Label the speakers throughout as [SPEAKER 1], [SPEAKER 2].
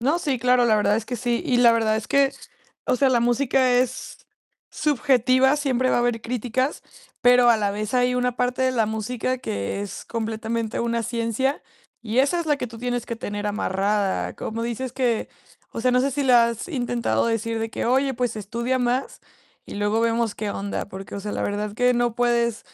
[SPEAKER 1] No, sí, claro, la verdad es que sí. Y la verdad es que, o sea, la música es subjetiva, siempre va a haber críticas, pero a la vez, hay una parte de la música que es completamente una ciencia, y esa es la que tú tienes que tener amarrada. Como dices que, o sea, no sé, si le has intentado decir de que: "Oye, pues, estudia más y luego vemos qué onda". Porque, o sea, la verdad que no puedes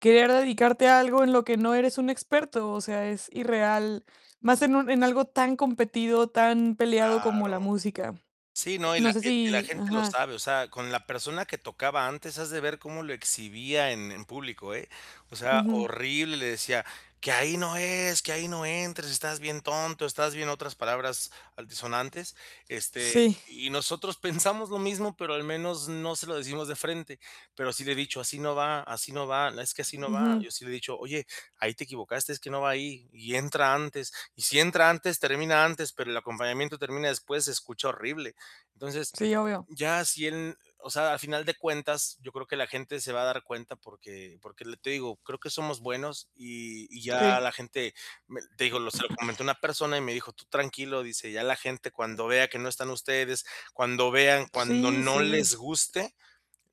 [SPEAKER 1] querer dedicarte a algo en lo que no eres un experto. O sea, es irreal, más en un en algo tan competido, tan peleado como
[SPEAKER 2] Claro.
[SPEAKER 1] la música.
[SPEAKER 2] Sí, no, y
[SPEAKER 1] No
[SPEAKER 2] la
[SPEAKER 1] sé,
[SPEAKER 2] [unintelligible] y y la
[SPEAKER 1] si
[SPEAKER 2] gente lo
[SPEAKER 1] Ajá.
[SPEAKER 2] sabe. O sea, con la persona que tocaba antes has de ver cómo lo exhibía en en público, eh, o sea,
[SPEAKER 1] Ujú.
[SPEAKER 2] horrible. Le decía: "Que ahí no es, que ahí no entres, estás bien tonto, estás bien" otras palabras antisonantes, Este,
[SPEAKER 1] Sí.
[SPEAKER 2] y nosotros pensamos lo mismo, pero al menos no se lo decimos de frente. Pero sí le he dicho: "Así no va, así no va, es que así no va".
[SPEAKER 1] Ujú.
[SPEAKER 2] Yo sí le he dicho: "Oye, ahí te equivocaste, es que no va ahí". Y entra antes, y si entra antes, termina antes, pero el acompañamiento termina después, se escucha horrible. Entonces,
[SPEAKER 1] Sí, obvio.
[SPEAKER 2] ya si él o sea, al final de cuentas, yo creo que la gente se va a dar cuenta porque porque te digo, creo que somos buenos, y y ya
[SPEAKER 1] Sí.
[SPEAKER 2] la gente, me te digo, lo se lo comenté a una persona y me dijo: "Tú tranquilo", dice: "Ya la gente cuando vea que no están ustedes, cuando vean, cuando
[SPEAKER 1] Sí,
[SPEAKER 2] no
[SPEAKER 1] sí.
[SPEAKER 2] les guste,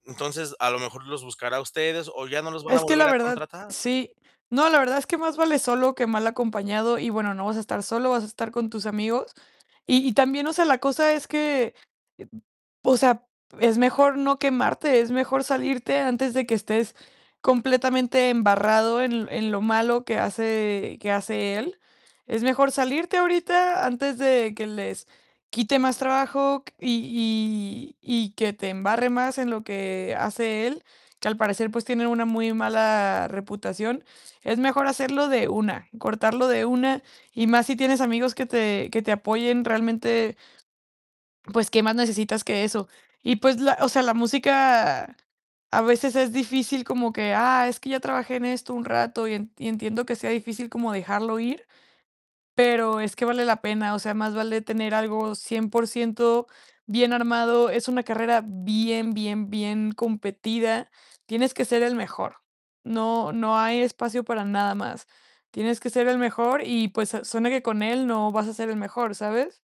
[SPEAKER 2] entonces, a lo mejor los buscará a ustedes, o ya no los van a
[SPEAKER 1] Es que la
[SPEAKER 2] volver a
[SPEAKER 1] verdad,
[SPEAKER 2] contratar".
[SPEAKER 1] sí No, la verdad es que más vale solo que mal acompañado. Y bueno, no vas a estar solo, vas a estar con tus amigos. Y y también, o sea, la cosa es que, [unintelligible] o sea, es mejor no quemarte, es mejor salirte antes de que estés completamente embarrado en en lo malo que hace que hace él. Es mejor salirte ahorita antes de que les quite más trabajo q y y y que te embarre más en lo que hace él, que al parecer, pues, tiene una muy mala reputación. Es mejor hacerlo de una, cortarlo de una y más si tienes amigos que te que te apoyen realmente pues, ¿qué más necesitas que eso? Y pues, la o sea, la música a veces es difícil como que: "Ah, es que ya trabajé en esto un rato" y en entiendo que sea difícil como dejarlo ir, pero es que vale la pena. O sea, más vale tener algo 100% bien armado. Es una carrera bien, bien, bien competida. Tienes que ser el mejor. No, no hay espacio para nada más, tienes que ser el mejor. Y pues, suena que con él no vas a ser el mejor, ¿sabes?